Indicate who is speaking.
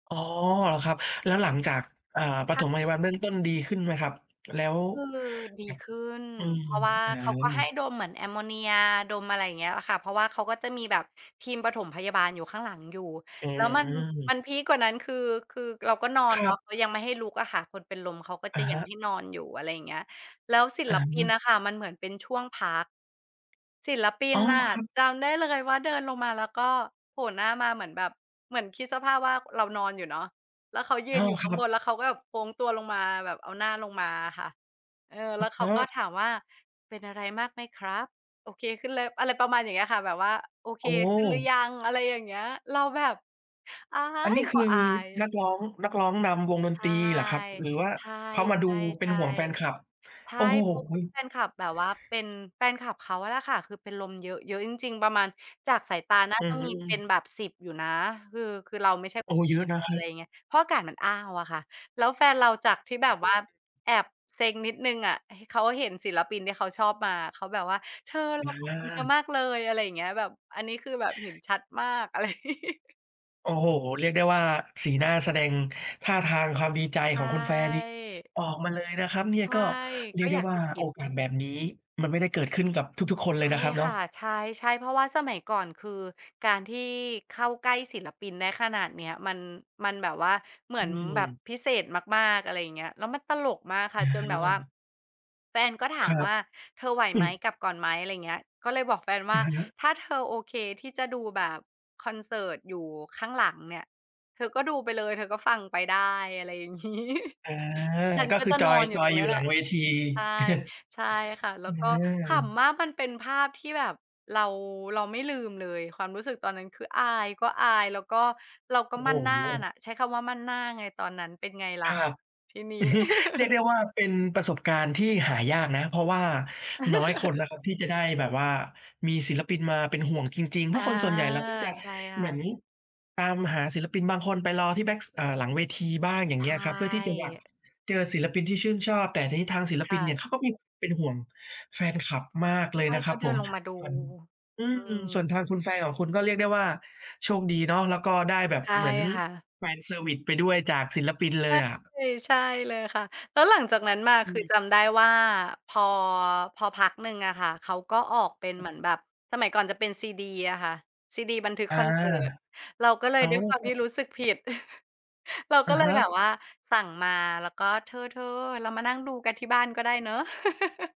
Speaker 1: อ๋อ เหรอครับ แล้วหลังจาก อ่า ป
Speaker 2: ค่
Speaker 1: ฐ
Speaker 2: ะ
Speaker 1: มพยาบาลเบื้องต้นดีขึ้นไหมครับ? แล้ว
Speaker 2: คือ ดี
Speaker 1: ครับ
Speaker 2: ขึ้น
Speaker 1: อืม
Speaker 2: เพราะว่า
Speaker 1: อา
Speaker 2: เขาก็ให้ดมเหมือนแอมโมเนียดม อะไรอย่างเงี้ย อะค่ะ เพราะว่าเขาก็จะมีแบบทีมปฐมพยาบาลอยู่ข้างหลังอยู่
Speaker 1: อื
Speaker 2: แล้วมัน
Speaker 1: ม
Speaker 2: มันพีกกว่านั้น คือ คือเราก็นอน
Speaker 1: คร
Speaker 2: เนา
Speaker 1: ับ
Speaker 2: ะ ก็ยังไม่ให้ลุกอะค่ะ คนเป็นลมเขาก็
Speaker 1: อ
Speaker 2: จ
Speaker 1: ะ
Speaker 2: ะ
Speaker 1: ฮ
Speaker 2: ยัง
Speaker 1: ะ
Speaker 2: ให้นอนอยู่ อะไรอย่างเงี้ย แล้วศิ
Speaker 1: อ
Speaker 2: ล
Speaker 1: า
Speaker 2: ปินอะค่ะ มันเหมือนเป็นช่วงพัก ศิลปิ
Speaker 1: อ
Speaker 2: น
Speaker 1: ้อ
Speaker 2: น่ะ
Speaker 1: ครับ
Speaker 2: จำได้เลยว่า เดินลงมาแล้ว ก็โผล่หน้ามาเหมือนแบบ เหมือนคิดสภาพว่าเรานอนอยู่เนาะ แล้วเขายื
Speaker 1: อ้อ
Speaker 2: นอยู่
Speaker 1: ค
Speaker 2: ข้า
Speaker 1: ร
Speaker 2: ง
Speaker 1: ั
Speaker 2: บ
Speaker 1: บ
Speaker 2: น แล้วเขาก็แบบ โค้งตัวลงมาแบบเอาหน้าลงมาอะค่ะ เออ
Speaker 1: อ
Speaker 2: แล
Speaker 1: ะ
Speaker 2: ้วเข
Speaker 1: ฮ
Speaker 2: าก
Speaker 1: ะ
Speaker 2: ็ถามว่า "เป็นอะไรมากไหมครับ โอเคขึ้นเลย" อะไรประมาณอย่างเงี้ยค่ะ แบบว่าโอเค
Speaker 1: โอ
Speaker 2: ขึ้นหรือ
Speaker 1: ้!
Speaker 2: ยัง อะไรอย่างเงี้ย เราแบบ อา
Speaker 1: อันน
Speaker 2: ย
Speaker 1: ี้ค
Speaker 2: ก็
Speaker 1: ือ
Speaker 2: อาย
Speaker 1: นักร้อง นักร้องนำ วงด
Speaker 2: ใ
Speaker 1: น
Speaker 2: ช
Speaker 1: ตร
Speaker 2: ่
Speaker 1: ีเหรอครับ หรือว่า
Speaker 2: ใช่
Speaker 1: เขามาดูเป็
Speaker 2: ใช
Speaker 1: น
Speaker 2: ่
Speaker 1: ห่วงแฟนคลับ
Speaker 2: ๆ ใช
Speaker 1: โอ
Speaker 2: ่
Speaker 1: ้โฮ?
Speaker 2: เพราะว่าแฟนคลับ แบบว่าเป็น แฟนคลับเขาแหละค่ะ คือเป็นลมเยอะ เยอะจริง ๆ ประมาณจากสายตาน่า
Speaker 1: อื
Speaker 2: จ
Speaker 1: อ
Speaker 2: ะ
Speaker 1: ฮ
Speaker 2: มีเป็น
Speaker 1: ึ
Speaker 2: แบบ 10 อยู่นะ คือ คือเราไม่ใช่
Speaker 1: โอ้ เยอะน
Speaker 2: เพ
Speaker 1: ะครับ
Speaker 2: ราะอากาศมันอ้าวอะค่ะ แล้วแฟนเราจากที่แบบว่า แอบเซ็งนิดหนึ่งอะ เขาเห็นศิลปินที่เขาชอบมา เขาแบบว่า "เธอเรา
Speaker 1: อ
Speaker 2: ขอบคุณเธอ
Speaker 1: า
Speaker 2: มากเลย" อะไรอย่างเงี้ย แบบ อันนี้คือแบบเห็นชัดมาก อะไร
Speaker 1: โอ้โฮ! เรียกได้ว่า สีหน้าแสดง ท่าทางความดีใจ
Speaker 2: ใช
Speaker 1: ของคุณแฟนนี่
Speaker 2: ่
Speaker 1: ออกมาเลยนะครับเนี่ย
Speaker 2: ใช่
Speaker 1: ก็เรี
Speaker 2: ก
Speaker 1: ย
Speaker 2: ็
Speaker 1: กได
Speaker 2: อ
Speaker 1: ้
Speaker 2: ยาก
Speaker 1: ว่า
Speaker 2: สะก
Speaker 1: โ
Speaker 2: ิ
Speaker 1: อ
Speaker 2: ด
Speaker 1: กาสแบบนี้ มันไม่ได้เกิดขึ้นกับทุก ๆ คน
Speaker 2: ใ
Speaker 1: เ
Speaker 2: ช
Speaker 1: ลย
Speaker 2: ่
Speaker 1: นะครับเน
Speaker 2: ค
Speaker 1: าะ
Speaker 2: ่ะ ใช่ ๆ เพราะว่าสมัยก่อน คือการที่ เข้าใกล้ศิลปินได้ขนาดเนี้ยมัน มันแบบว่าเหมื
Speaker 1: อื
Speaker 2: อนแบบ
Speaker 1: ม
Speaker 2: พิเศษมาก ๆ อะไรอย่างเงี้ย แล้วมันตลกมากค
Speaker 1: อ
Speaker 2: ่ะ จนแบบว่า
Speaker 1: า
Speaker 2: แฟนก็ถา
Speaker 1: คร
Speaker 2: ม
Speaker 1: ับ
Speaker 2: ว่า "เธอไหว
Speaker 1: อื
Speaker 2: ไหม
Speaker 1: ม
Speaker 2: กลับก่อนไหม" อะไรเงี้ย ก็เลยบอกแฟนว
Speaker 1: อ
Speaker 2: ่า
Speaker 1: ะฮะ
Speaker 2: "ถ้าเธอโอเคที่จะดู แบบคอนเสิร์ตอยู่ข้างหลังเนี่ย เธอก็ดูไปเลยเธอก็ฟังไปได้" อะไรอย่าง งี้
Speaker 1: อ่า
Speaker 2: ฉัน
Speaker 1: ก็
Speaker 2: ก็
Speaker 1: คื
Speaker 2: จ
Speaker 1: อ
Speaker 2: ะ
Speaker 1: จ
Speaker 2: น
Speaker 1: อ
Speaker 2: อ
Speaker 1: ย
Speaker 2: นอย
Speaker 1: จ
Speaker 2: ู่
Speaker 1: อ
Speaker 2: ตร
Speaker 1: ย
Speaker 2: ง
Speaker 1: อย
Speaker 2: น
Speaker 1: ู
Speaker 2: ี้
Speaker 1: ่
Speaker 2: แ
Speaker 1: ห
Speaker 2: ห
Speaker 1: ลั
Speaker 2: ละ
Speaker 1: งเวที
Speaker 2: ใช่ ใช่ค่ะ แล้
Speaker 1: อ
Speaker 2: วก็ ข
Speaker 1: า
Speaker 2: ำมากมันเป็นภาพที่แบบ เรา เราไม่ลืมเลย ความรู้สึกตอนนั้น คืออายก็อาย แล้วก็ เราก็
Speaker 1: โอ้โ
Speaker 2: มั่นหน้า
Speaker 1: ฮ
Speaker 2: น่ะ ใช้คำว่ามั่นหน้าไงตอนนั้น เป็นไงล
Speaker 1: ค
Speaker 2: ่ะ
Speaker 1: รับ
Speaker 2: ทีนี้
Speaker 1: อือฮึ เรียกได้ว่า เป็นประสบการณ์ที่หายากนะ เพราะว่าน้อยคนนะครับ ที่จะได้แบบว่ามีศิลปินมาเป็นห่วงจริง ๆ เพ
Speaker 2: อ
Speaker 1: รา
Speaker 2: า
Speaker 1: ะคนส่วนใหญ่ เราก็จะ
Speaker 2: ใช่ค
Speaker 1: เห
Speaker 2: ่
Speaker 1: มือน
Speaker 2: ะ
Speaker 1: ตามหาศิลปิน บางคนไปรอที่แบ๊ก เอ่อ หลังเวทีบ้าง อย่า
Speaker 2: ใ
Speaker 1: ง
Speaker 2: ช
Speaker 1: เงี้ยอะครับ เพื่อที่จะอยาก
Speaker 2: ่
Speaker 1: เจอศิลปินที่ชื่นชอบ แต่ทีนี้ทางศิล
Speaker 2: ค
Speaker 1: ปิ
Speaker 2: ่
Speaker 1: นเนี่
Speaker 2: ะ
Speaker 1: ย เขาก็มี เป็นห่วง แฟนคลับมากเล
Speaker 2: ใ
Speaker 1: ย
Speaker 2: ช่
Speaker 1: นะค
Speaker 2: เข
Speaker 1: รั
Speaker 2: า
Speaker 1: บ
Speaker 2: เด
Speaker 1: ผ
Speaker 2: ิน
Speaker 1: ม
Speaker 2: ลงมาดู
Speaker 1: ส่วน อื
Speaker 2: อื
Speaker 1: ม ส่ว
Speaker 2: ม
Speaker 1: นทางคุณแฟนของคุณ ก็เรียกได้ว่าโชคดีเนาะ แล้วก็ได้แบบ
Speaker 2: ใช่
Speaker 1: เหมือน
Speaker 2: ค่ะ
Speaker 1: แฟนเซอร์วิซไปด้วย จากศิลปินเ
Speaker 2: ใ
Speaker 1: ล
Speaker 2: ช่
Speaker 1: ยอะ
Speaker 2: ใช่เลยค่ะ แล้วหลังจากนั้นมา
Speaker 1: อื
Speaker 2: คือ
Speaker 1: ม
Speaker 2: จำได้ว่า พอ พอพักหนึ่งอะค่ะ เขาก็ออกเป็นเหมือนแบบ สมัยก่อนจะเป็นซีดีอะค่ะ ซีดีบันทึก
Speaker 1: อา
Speaker 2: คอนเสิร์ต เราก็เลย
Speaker 1: อ้า
Speaker 2: ด้ว
Speaker 1: ว
Speaker 2: ยความ
Speaker 1: คร
Speaker 2: ท
Speaker 1: ั
Speaker 2: ี่
Speaker 1: บ
Speaker 2: รู้สึกผิด เรา
Speaker 1: อ
Speaker 2: ก็
Speaker 1: ะ
Speaker 2: เล
Speaker 1: ฮ
Speaker 2: ยแบบ
Speaker 1: ะ
Speaker 2: ว่า สั่งมาแล้ว ก็เธอ ๆ เรามานั่งดูกันที่บ้านก็ได้เนาะ